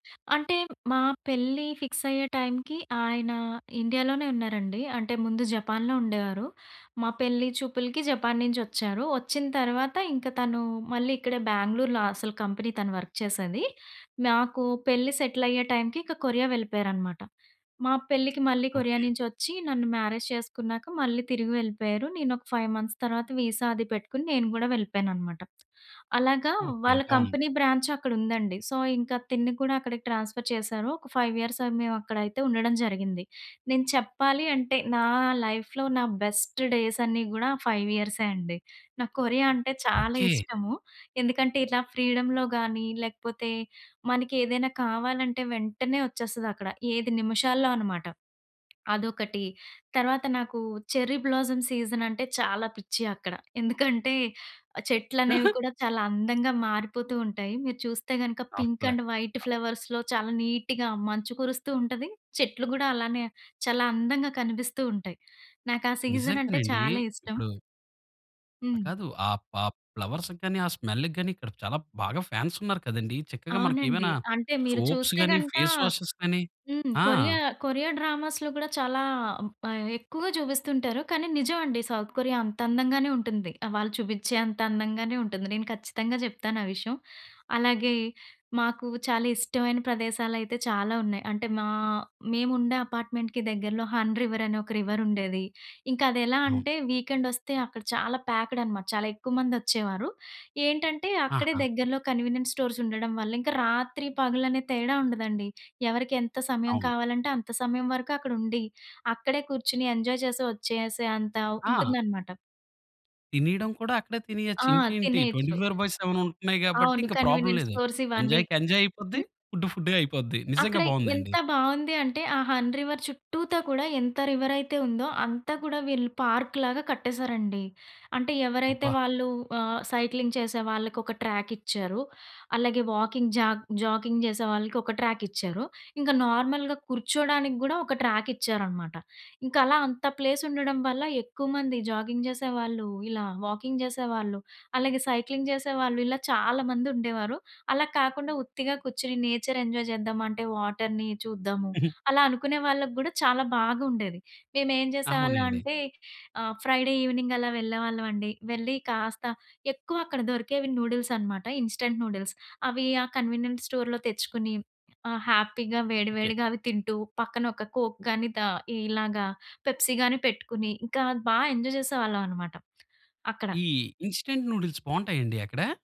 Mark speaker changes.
Speaker 1: అంటే మా పెళ్లి ఫిక్స్ అయ్యే టైంకి ఆయన ఇండియాలోనే ఉన్నారండి. అంటే ముందు జపాన్‌లో ఉండేవారు. మా పెళ్లి చూపులకి జపాన్ నుంచి వచ్చారు. వచ్చిన తర్వాత ఇంకా తను మళ్ళీ ఇక్కడే బెంగుళూర్‌లో అసలు కంపెనీ తను వర్క్ చేసేది. నాకు పెళ్లి సెటిల‌య్యే టైంకి ఇంక కొరియా వెళ్ళిపోయారన్నమాట. మా పెళ్లికి మళ్ళీ కొరియా
Speaker 2: ఓకే.
Speaker 1: నుంచి వచ్చి నన్ను మ్యారేజ్ చేసుకున్నాక మళ్ళీ తిరిగి వెళ్ళిపోయారు. నేను ఒక 5 మంత్స్ తర్వాత వీసా అది పెట్టుకుని నేను గూడా వెళ్ళిపోయానన్నమాట. అలాగా
Speaker 2: ఓకే.
Speaker 1: వాళ్ళ
Speaker 2: బావుంది.
Speaker 1: కంపెనీ బ్రాంచ్ అక్కడ ఉందండి. సో, ఇంకా తిన్ని కూడా అక్కడికి ట్రాన్స్‌ఫర్ చేశారు. ఒక 5 ఇయర్స్ అది మేము అక్కడైతే ఉండడం జరిగింది. నేను చెప్పాలి అంటే నా లైఫ్‌లో నా బెస్ట్ డేస్ అన్ని గూడా ఆ 5 ఇయర్సే అండి. నాకు కొరియా అంటే చాలా
Speaker 2: ఓకే.
Speaker 1: ఇష్టము. ఎందుకంటే ఇట్లా ఫ్రీడమ్‌లో గాని, లేకపోతే మనకి ఏదైనా కావాలంటే వెంటనే వచ్చేస్తది అక్కడ. ఏది నిమిషాల్లో అన్నమాట. అదొకటి. తర్వాత నాకు చెర్రీ బ్లాసమ్ సీజన్ అంటే చాలా పిచ్చి అక్కడ. ఎందుకంటే ఆ చెట్లనేవి
Speaker 2: ఆహా!
Speaker 1: కూడా చాలా అందంగా మారిపోతూ ఉంటాయి. మీరు చూస్తే గనక పింక్
Speaker 2: ఆపులే.
Speaker 1: అండ్ వైట్
Speaker 2: ఆ!
Speaker 1: ఫ్లవర్స్‌లో చాలా నీట్‌గా మంచు కురుస్తూ ఉంటది. చెట్లు గూడా అలానే చాలా అందంగా కనిపిస్తూ ఉంటాయి. నాకా సీజన్ అంటే
Speaker 2: నిజంగనండి.
Speaker 1: చాలా ఇష్టం.
Speaker 2: ఇప్పుడు ఆ!
Speaker 1: హ్మ్.
Speaker 2: కాదు. ఆహ్, పాప్ ఫ్లవర్స్‌కి గాని, ఆ స్మెల్‌కి గాని, ఇక్కడ చాలా బాగా ఫ్యాన్స్ ఉన్నారు కదండీ. చక్కగా మనకు
Speaker 1: అవునండి.
Speaker 2: ఏమైనా
Speaker 1: అంటే మీరు
Speaker 2: సోప్స్
Speaker 1: చూస్తే
Speaker 2: గాని,
Speaker 1: గనక
Speaker 2: ఫేస్ వాషెస్ గాని.
Speaker 1: హ్మ్.
Speaker 2: ఆ!
Speaker 1: కొరియా కొరియా డ్రామాస్‌లో కూడా చాలా బా ఎక్కువగా చూపిస్తుంటారు. కానీ నిజం అండి. సౌత్ కొరియా అంత అందంగానే ఉంటుంది. ఆ! వాళ్ళు చూపిచ్చే అంత అందంగానే ఉంటుంది. నేను ఖచ్చితంగా జెప్తాను ఆ విషయం. అలాగే మాకు చాలా ఇష్టమైన ప్రదేశాలయితే చాలా ఉన్నాయి. అంటే మా మేముండే అపార్ట్‌మెంట్‌కి దగ్గరలో 'హన్ రివర్' అని ఒక రివర్ ఉండేది. ఇంకా అది ఎలా
Speaker 2: అవు
Speaker 1: అంటే వీకెండ్ వస్తే అక్కడ చాలా ప్యాక్డ్ అనమాట. చాలా ఎక్కువ మంది వచ్చేవారు. ఏంటంటే అక్కడే
Speaker 2: ఆహా!
Speaker 1: దగ్గరలో కన్వీనియంట్ స్టోర్స్ ఉండడం వల్ల, ఇంకా రాత్రి పగలు అనే తేడా ఉండదండి. ఎవరికి ఎంత సమయం
Speaker 2: అవును.
Speaker 1: కావాలంటే అంత సమయం వరకు అక్కడ ఉండి, అక్కడే కుర్చుని ఎంజాయ్ చేసి, వచ్చేసే అంత
Speaker 2: ఆ!
Speaker 1: ఉంటుందనమాట.
Speaker 2: తినేయడం కూడా అక్కడే
Speaker 1: ఆ!
Speaker 2: తినేయచ్చు. ఇంకేంటి ట్వెంటీ
Speaker 1: తినేయొచ్చు.
Speaker 2: ఫోర్ బై సెవెన్ ఉంటున్నయి గాబట్టి
Speaker 1: అవును.
Speaker 2: ఇంగ ప్రాబ్లమ్
Speaker 1: కన్వీనియంట్
Speaker 2: లేదు.
Speaker 1: స్టోర్స్ ఇవన్నీ.
Speaker 2: ఎంజాయ్‌కి ఎంజాయ్ అయిపోద్ది.
Speaker 1: హ్మ్.
Speaker 2: ఫుడ్ ఫుడ్డు‌గా అయిపోద్ది. నిజంగా
Speaker 1: అక్కడ
Speaker 2: బావుందండి.
Speaker 1: ఎంత బావుంది అంటే ఆ 'హన్ రివర్' చుట్టూతా కూడా ఎంత రివరయితే ఉందో అంతా కూడా వీళ్ళు పార్కు‌లాగా కట్టేశారండి. అంటే ఎవరైతే
Speaker 2: అబ్బా!
Speaker 1: వాళ్ళు ఆహ్, సైక్లింగ్ చేసే వాళ్ళకి ఒక ట్రాక్ ఇచ్చారు. అలాగే వాకింగ్ జాగ్ జాకింగ్ చేసే వాళ్ళకి ఒక ట్రాక్ ఇచ్చారు. ఇంకా నార్మల్‌గా కుర్చోడానికి గూడా ఒక ట్రాక్ ఇచ్చారనమాట. ఇంకా అలా అంత ప్లేస్ ఉండడం వల్ల ఎక్కువ మంది జాగింగ్ చేసేవాళ్ళు, ఇలా వాకింగ్ చేసేవాళ్ళు, అలాగే సైక్లింగ్ చేసేవాళ్ళు, ఇలా చాలా మంది ఉండేవారు. అలా కాకుండా ఉత్తిగా కుర్చుని నేచర్ ఎంజాయ్ చేద్దాం అంటే వాటర్‌ని చూద్దాము,
Speaker 2: హుహు.
Speaker 1: అలా అనుకునే వాళ్ళగ్గూడా చాలా బాగుండేది. మేం ఏం చేసేవాళ్ళం
Speaker 2: అవునండి.
Speaker 1: అంటే ఆ! ఫ్రైడే ఈవెనింగ్ అలా వెళ్ళేవాళ్ళం అండి. వెళ్లి కాస్త ఎక్కువ అక్కడ దొరికేవి నూడిల్స్ అన్నమాట. ఇన్‌స్టంట్ నూడిల్స్ అవి ఆహ్, కన్వీనియంట్ స్టోర్‌లో తెచ్చుకొని ఆ హ్యాపీగా వేడి
Speaker 2: ఓకే.
Speaker 1: వేడిగా అవి తింటూ, పక్కన ఒక కోక్ గానీ, దా ఇలాగ పెప్సీ గాని పెట్టుకొని, ఇంకా బా ఎంజాయ్ చేసేవాళ్ళం అన్నమాట. అక్కడ.
Speaker 2: ఈ ఇన్‌స్టంట్ నూడిల్స్ బావుంటయండి అక్కడ?